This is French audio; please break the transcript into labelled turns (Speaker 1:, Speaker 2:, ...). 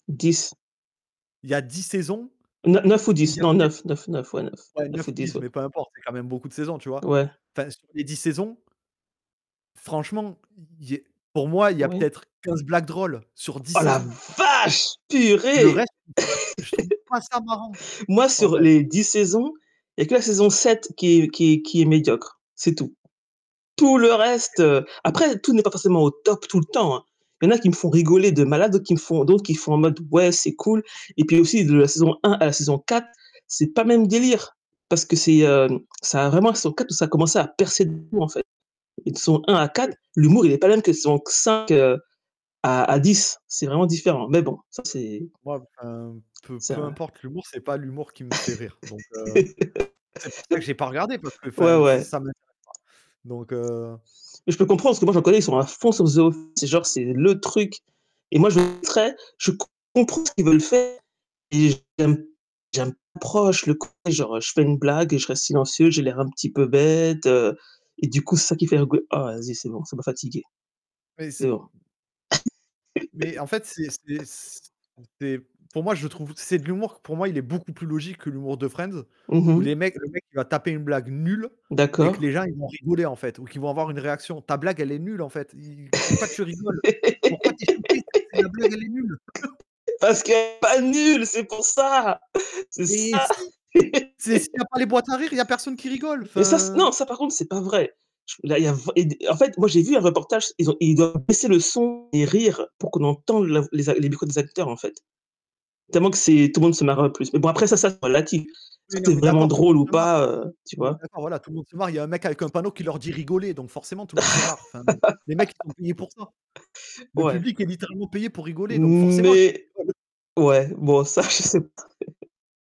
Speaker 1: 10.
Speaker 2: Il y a 10 saisons.
Speaker 1: Ne neuf ou
Speaker 2: Il
Speaker 1: 10,
Speaker 2: y
Speaker 1: non
Speaker 2: avait
Speaker 1: 9, 9 9 ouais 9
Speaker 2: Ouais
Speaker 1: 9
Speaker 2: 9
Speaker 1: ou
Speaker 2: ou
Speaker 1: 10
Speaker 2: 10,
Speaker 1: ouais.
Speaker 2: mais peu importe, c'est quand même beaucoup de saisons, tu vois.
Speaker 1: Ouais.
Speaker 2: Enfin, sur les 10 saisons franchement, il y é pour moi il y a
Speaker 1: Oui.
Speaker 2: peut-être 15 blagues drôles sur 10
Speaker 1: Oh la
Speaker 2: saisons.
Speaker 1: vache!
Speaker 2: Le
Speaker 1: purée!
Speaker 2: reste, je trouve ça je trouve pas ça marrant
Speaker 1: Moi,
Speaker 2: en
Speaker 1: sur
Speaker 2: fait.
Speaker 1: les 10 saisons, il y a que la saison 7 qui est qui est qui est médiocre, c'est tout. Tout le reste,
Speaker 2: [unintelligible]
Speaker 1: heu après tout n'est pas forcément au top tout le temps, hein. Il y en a qui me font rigoler de malade, d'autres qui me font d'autres qui font en mode, ouais, c'est cool, et puis aussi de la saison 1 à la saison 4, c'est pas le même délire. Parce que c'est, hem, ça a vraiment la saison 4, où ça a commencé à percer de fou en fait. Les saisons 1 à
Speaker 2: Oui
Speaker 1: 4,
Speaker 2: f
Speaker 1: l'humour, il est pas le même que saison q 5 heu, à à 10, c'est vraiment différent, mais bon, ça c'est
Speaker 2: Moi, enfin, peu
Speaker 1: C'est
Speaker 2: peu
Speaker 1: vrai.
Speaker 2: importe l'humour, c'est pas l'humour qui me fait rire donc, heu, c'est pour ça que j'ai pas regardé parce que
Speaker 1: Ouais,
Speaker 2: enfin ça
Speaker 1: ouais.
Speaker 2: ça m'intéresse pas, donc, heu
Speaker 1: Mais je peux comprendre parce que moi j'en connais, ils sont à fond sur The Office et genre, c'est le truc et moi je [unintelligible] je comprends ce qu'ils veulent faire et j'aime j'aime pas proche le genre je fais une blague et je reste silencieux, j'ai l'air un petit peu bête, heu et du coup, c'est ça qui fait [unintelligible] ah vas-y, c'est bon, ça m'a fatiguée.
Speaker 2: Mais
Speaker 1: C'est
Speaker 2: c'est
Speaker 1: bon.
Speaker 2: mais en fait, c'est c'est c c'est pour moi, je trouve c'est de l'humour pour moi, il est beaucoup plus logique que l'humour de Friends
Speaker 1: Mmh
Speaker 2: où les
Speaker 1: mh.
Speaker 2: mecs, le mec il va taper une blague nulle et que
Speaker 1: D'accord.
Speaker 2: les gens ils vont rigoler en fait, ou qu'ils vont avoir une réaction. Ta blague elle est nulle en fait, i pourquoi tu rigoles? Pourquoi tu es [unintelligible] si la blague elle est nulle
Speaker 1: Parce que pas nul, c'est pour ça! C'est
Speaker 2: Eh
Speaker 1: ça.
Speaker 2: si! C'est s'il y a pas les boîtes à rire, il y a personne qui rigole,
Speaker 1: Et ça c
Speaker 2: enfin.
Speaker 1: non, ça par contre c'est pas vrai, ch là, il y a v et des en fait moi j'ai vu un reportage, ils ont ils doivent baisser le son et rire, pour qu'on entende la v les a les micro des acteurs, en fait. Tellement que c'est tout le monde se marre le plus. Mais bon après ça, ça, c'est relatif, est-ce
Speaker 2: Oui,
Speaker 1: que
Speaker 2: non
Speaker 1: c'est
Speaker 2: mais
Speaker 1: vraiment
Speaker 2: d'accord, tout le
Speaker 1: drôle
Speaker 2: monde
Speaker 1: ou
Speaker 2: se marre
Speaker 1: pas
Speaker 2: [unintelligible]
Speaker 1: heu, tu
Speaker 2: on est
Speaker 1: vois?
Speaker 2: d'accord, voilà, tout le monde se marre. Il y a un mec avec un panneau qui leur dit: «Rigolez», donc forcément tout le monde se marre, enfin, les mecs, ils sont payés pour ça. Le
Speaker 1: Ouais.
Speaker 2: public est littéralement payé pour rigoler donc forcément qu'ils
Speaker 1: Mais
Speaker 2: rigolent.
Speaker 1: ouais, bon ça je sais p